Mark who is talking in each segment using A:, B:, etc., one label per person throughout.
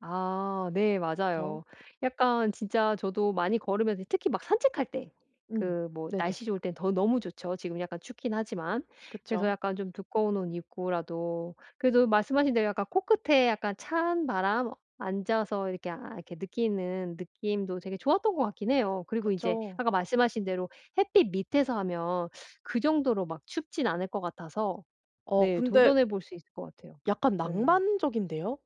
A: 아. 네
B: 그쵸.
A: 맞아요. 약간 진짜 저도 많이 걸으면서 이 특히 막 산책할 때
B: 음.
A: 그 뭐
B: 네네.
A: 날씨 좋을 땐 더 너무 좋죠 지금 약간 춥긴 하지만. 그래서
B: 그쵸.
A: 약간 좀 두꺼운 옷 입고라도 그래도 말씀하신 대로 약간 코끝에 약간 찬바람 앉아서 이렇게 아 이렇게 느끼는 느낌도 되게 좋았던 것 같긴 해요. 그리고 이제
B: 그쵸.
A: 아까 말씀하신 대로 햇빛 밑에서 하면 그 정도로 막 춥진 않을 것 같아서
B: 어
A: 네
B: 근데
A: 도전해 볼 수 있을 것 같아요.
B: 약간
A: 네.
B: 낭만적인데요.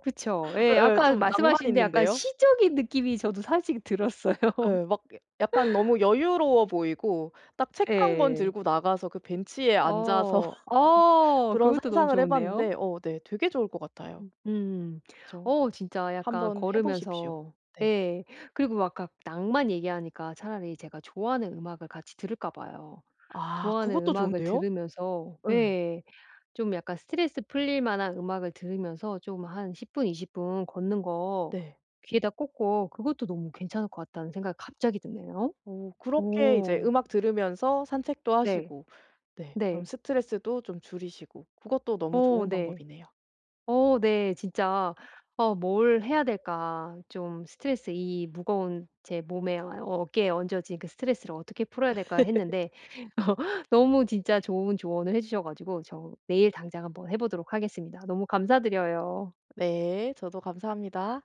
A: 그쵸? 예
B: 예예.
A: 아까
B: 좀 낭만이
A: 말씀하시는데 약간
B: 있는데요.
A: 시적인 느낌이
B: 어.
A: 저도 사실 들었어요.
B: 예. 막 약 약간 너무 여유로워 보이고 딱 책 1 권
A: 예.
B: 들고 나가서 그 벤치에 앉아서
A: 어.
B: 어
A: 어.
B: 그런
A: 그것도 너무
B: 상상을 해
A: 좋은데요.
B: 봤는데 어 네 되게 좋을 것 같아요.
A: 음 음.
B: 그쵸.
A: 어 진짜 약간
B: 한번 해 보십시오.
A: 걸으면서
B: 네.
A: 예 그리고 막 아까 낭만 얘기하니까 차라리 제가 좋아하는 음악을 같이 들을까 봐요.
B: 아.
A: 좋아하는
B: 그것도
A: 음악을
B: 좋은데요?
A: 들으면서
B: 예.
A: 예 좀 약간 스트레스 풀릴 만한 음악을 들으면서 좀 한 10 분, 20 분 걷는 거
B: 네.
A: 귀에다 꽂고 그것도 너무 괜찮을 것 같다는 생각이 갑자기 드네요.
B: 어. 그렇게 이제
A: 오.
B: 음악 들으면서 산책도
A: 네.
B: 하시고 네 그럼
A: 네.
B: 스트레스도 좀 줄이시고 그것도 너무
A: 어
B: 좋은
A: 네.
B: 방법이네요.
A: 어 네. 진짜 어 뭘 해야 될까 좀 스트레스 이 무거운 제 몸에 어 어깨에 얹어진 그 스트레스를 어떻게 풀어야 될까 했는데 어 너무 진짜 좋은 조언을 해 주셔 가지고 저 내일 당장 한번 해 보도록 하겠습니다. 너무 감사드려요.
B: 네. 저도 감사합니다.